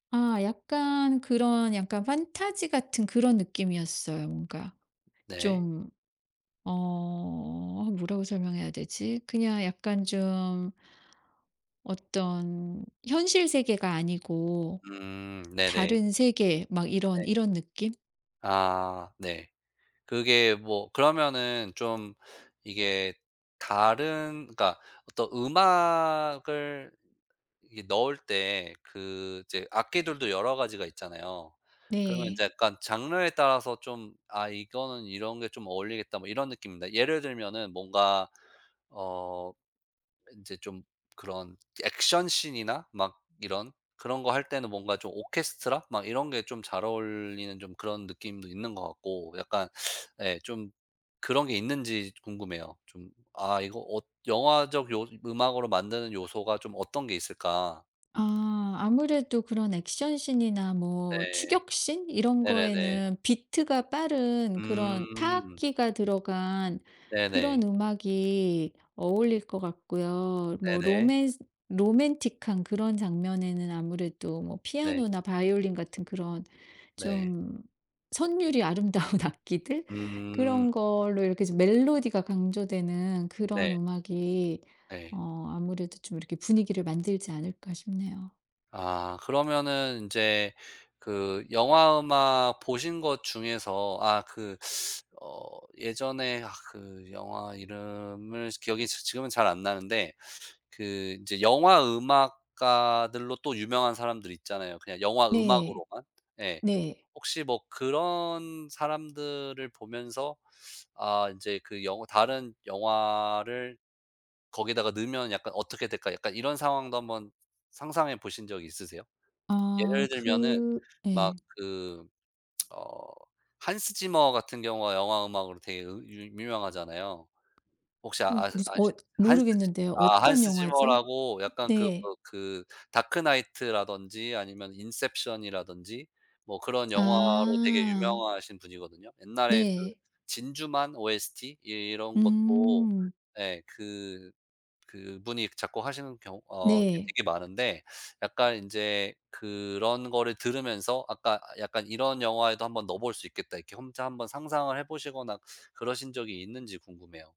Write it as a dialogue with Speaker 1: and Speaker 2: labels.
Speaker 1: 아 약간 그런 약간 판타지 같은 그런 느낌이었어요. 뭔가.
Speaker 2: 네.
Speaker 1: 좀. 어. 뭐라고 설명해야 되지? 그냥 약간 좀 어떤 현실 세계가 아니고
Speaker 2: 음. 네네.
Speaker 1: 다른 세계 막
Speaker 2: 네.
Speaker 1: 이런 이런 느낌?
Speaker 2: 아. 네. 그게 뭐 그러면은 좀 이게 다른 그러니까 어떤 음악을 이게 넣을 때 그 이제 악기들도 여러 가지가 있잖아요. 그러면
Speaker 1: 네.
Speaker 2: 이제 약간 장르에 따라서 좀 '아 이거는 이런 게 좀 어울리겠다.' 뭐 이런 느낌입니다. 예를 들면은 뭔가 어 인제 좀 그런 액션 신이나 막 이런 그런 거 할 때는 뭔가 좀 오케스트라 막 이런 게 좀 잘 어울리는 좀 그런 느낌도 있는 것 같고 약간 예 좀 그런 게 있는지 궁금해요. 좀 '아 이거 어 영화적 요 음악으로 만드는 요소가 좀 어떤 게 있을까.'
Speaker 1: 아. 아무래도 그런 액션 신이나 뭐
Speaker 2: 네.
Speaker 1: 추격 신 이런
Speaker 2: 네네네.
Speaker 1: 거에는 비트가 빠른 그런
Speaker 2: 음.
Speaker 1: 타악기가 들어간 그런
Speaker 2: 네네.
Speaker 1: 음악이 어울릴 것 같고요. 뭐
Speaker 2: 네네.
Speaker 1: 로맨스 로맨틱한 그런 장면에는 아무래도 뭐
Speaker 2: 네.
Speaker 1: 피아노나 바이올린 같은 그런
Speaker 2: 네.
Speaker 1: 좀 선율이 아름다운 악기들?
Speaker 2: 음.
Speaker 1: 그런 걸로 이렇게 좀 멜로디가 강조되는 그런
Speaker 2: 네.
Speaker 1: 음악이
Speaker 2: 예.
Speaker 1: 어 아무래도 좀 이렇게 분위기를 만들지 않을까 싶네요.
Speaker 2: 아. 그러면은 인제 그 영화 음악 보신 것 중에서 아 그 어 예전에 아 그 영화 이름을 기억이 지 지금은 잘 안 나는데 그 인제 영화 음악가들로 또 유명한 사람들 있잖아요, 그냥 영화
Speaker 1: 네.
Speaker 2: 음악으로만. 예.
Speaker 1: 네.
Speaker 2: 혹시 뭐 그런 사람들을 보면서 '아 인제 그 영 다른 영화를 거기다가 넣으면 약간 어떻게 될까?' 약간 이런 상황도 한번 상상해 보신 적 있으세요? 예를
Speaker 1: 아.
Speaker 2: 들면은
Speaker 1: 그
Speaker 2: 막
Speaker 1: 예.
Speaker 2: 그 어 Hans Zimmer 같은 경우가 영화 음악으로 되게 으 유 유명하잖아요. 혹시
Speaker 1: 어.
Speaker 2: 아시
Speaker 1: 무슨 어
Speaker 2: 아시는지 한스 지
Speaker 1: 모르겠는데요.
Speaker 2: 아
Speaker 1: 어떤
Speaker 2: Hans
Speaker 1: 영화죠?
Speaker 2: Zimmer라고 약간 그
Speaker 1: 네.
Speaker 2: 뭐 그 다크나이트라든지 아니면 인셉션이라든지 뭐 그런 영화로 되게
Speaker 1: 아.
Speaker 2: 유명하신 분이거든요. 옛날에 그
Speaker 1: 네.
Speaker 2: 진주만 OST 예 이런 것도
Speaker 1: 음.
Speaker 2: 예 그 그분이 작곡하시는 경우 어 그
Speaker 1: 네.
Speaker 2: 되게 많은데 약간 인제 그런 거를 들으면서 아까 약간 '이런 영화에도 한번 넣어볼 수 있겠다.' 이렇게 혼자 한번 상상을 해보시거나 그러신 적이 있는지 궁금해요.